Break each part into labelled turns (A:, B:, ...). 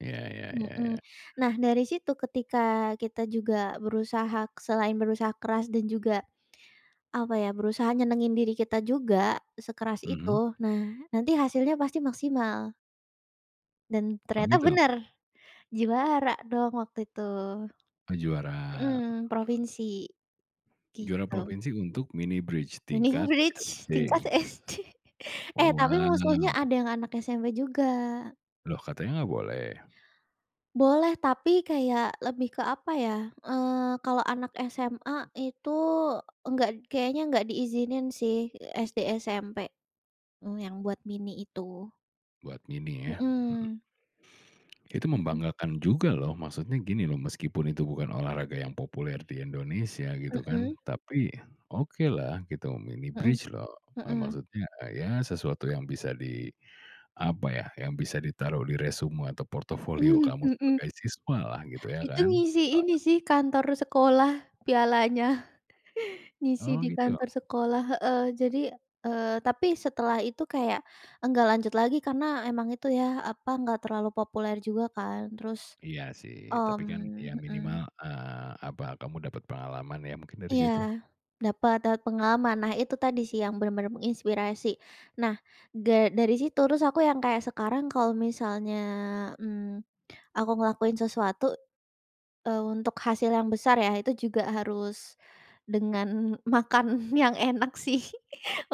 A: Iya iya iya
B: Mhm.
A: iya.
B: Nah, dari situ ketika kita juga berusaha k selain berusaha keras dan juga, apa ya, berusaha nyenengin diri kita juga sekeras
A: Mhm.
B: itu. Nah, nanti hasilnya pasti maksimal. Dan
A: Oh,
B: ternyata
A: gitu?
B: benar, juara dong waktu itu.
A: Oh, juara.
B: Mhm, provinsi,
A: Juara
B: gitu.
A: provinsi untuk mini bridge
B: Mini
A: tingkat
B: bridge tingkat
A: SD?
B: SD, eh,
A: Oh,
B: tapi musuhnya
A: wow.
B: ada yang anak SMP juga.
A: Loh katanya enggak boleh?
B: Boleh, tapi kayak lebih ke apa ya, eee, kalau anak SMA itu enggak d kayaknya enggak diizinin sih. Eee, SD, SMP, eee, yang buat mini itu.
A: Buat mini ya? Mhm.
B: Mhm.
A: Itu
B: Mhm.
A: membanggakan juga loh. Maksudnya gini loh, meskipun itu bukan olahraga yang populer di Indonesia gitu kan,
B: Mhm.
A: tapi okelah gitu, mini
B: Mhm,
A: bridge loh. Eee,
B: mhm.
A: maksudnya, eee, iya sesuatu yang bisa di, apa ya, yang bisa ditaruh di resume atau portofolio
B: Mhm,
A: kamu
B: mhm.
A: sebagai siswalah gitu ya
B: Itu
A: kan?
B: ngisi ini sih kantor sekolah, pialanya, ngisi
A: Oh,
B: di
A: gitu?
B: kantor sekolah heeh. Jadi, eee, tapi setelah itu kayak enggak lanjut lagi karena emang itu ya, apa, enggak terlalu populer juga kan, terus,
A: Iya sih, tapi kan iya
B: mmm, mhm.
A: minimal, eee, apa, kamu dapat pengalaman ya mungkin dari
B: Iya,
A: situ.
B: dapat, dapat pengalaman. Nah, itu tadi sih yang benar-benar menginspirasi. Nah, da dari situ, terus aku yang kayak sekarang kalau misalnya, mmm, aku ngelakuin sesuatu, eee, untuk hasil yang besar ya, itu juga harus dengan makan yang enak sih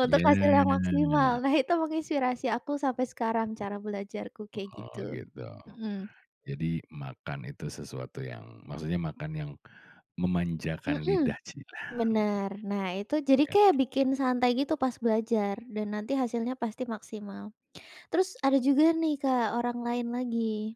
B: untuk hasil yang maksimal.
A: Iya.
B: Nah, itu menginspirasi aku sampai sekarang cara belajarku kayak
A: Oh,
B: gitu.
A: gitu.
B: Mhm.
A: Jadi makan itu sesuatu yang maksudnya makan yang memanjakan
B: Mhm.
A: lidah cielah, mhm,
B: Benar. Nah, itu jadi
A: iya
B: kayak
A: kan?
B: bikin santai gitu pas belajar dan nanti hasilnya pasti maksimal. Terus ada juga nih, Kak, orang lain lagi.